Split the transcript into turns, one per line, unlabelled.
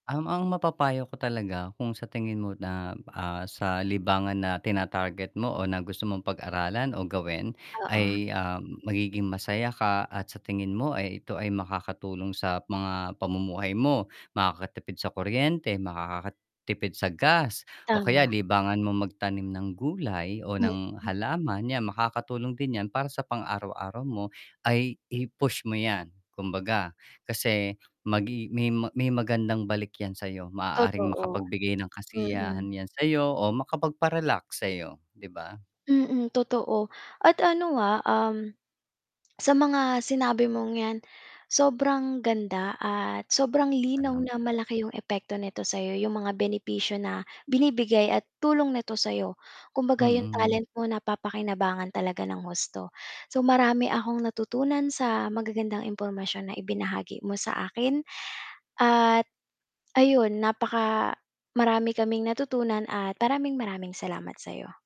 Um, ang mapapayo ko talaga kung sa tingin mo na, ah, sa libangan na tinatarget mo o na gusto mong pag-aralan o gawin
Oo.
ay, ah, magiging masaya ka at sa tingin mo ay ito ay makakatulong sa mga pamumuhay mo, makakatipid sa kuryente, makakatipid sa gas, o kaya
Tama.
libangan mong magtanim ng gulay o ng
Mm.
halaman, 'yan makakatulong din 'yan para sa pang araw-araw mo ay i-push mo 'yan, kumbaga. Kasi magi may may magandang balik yan sa 'yo, maaaring
Totoo.
makapagbigay ng
Mm.
kasiyahan 'yan sa'yo o makapagpa-relax sa'yo, 'di ba?
Mm, totoo at ano, ah, um, sa mga sinabi mong 'yan, sobrang ganda at sobrang linaw na
[unintelligible]
malaki 'yong epekto nito sa 'yo, 'yong mga benepisyo na binibigay at tulong nito sa 'yo. Kumbaga 'yong
Mm.
talent mo napapakinabangan talaga ng husto. So marami akong natutunan sa magagandang impormasyon na ibinahagi mo sa akin. At ayun, napaka marami kaming natutunan at maraming, maraming salamat sa'yo.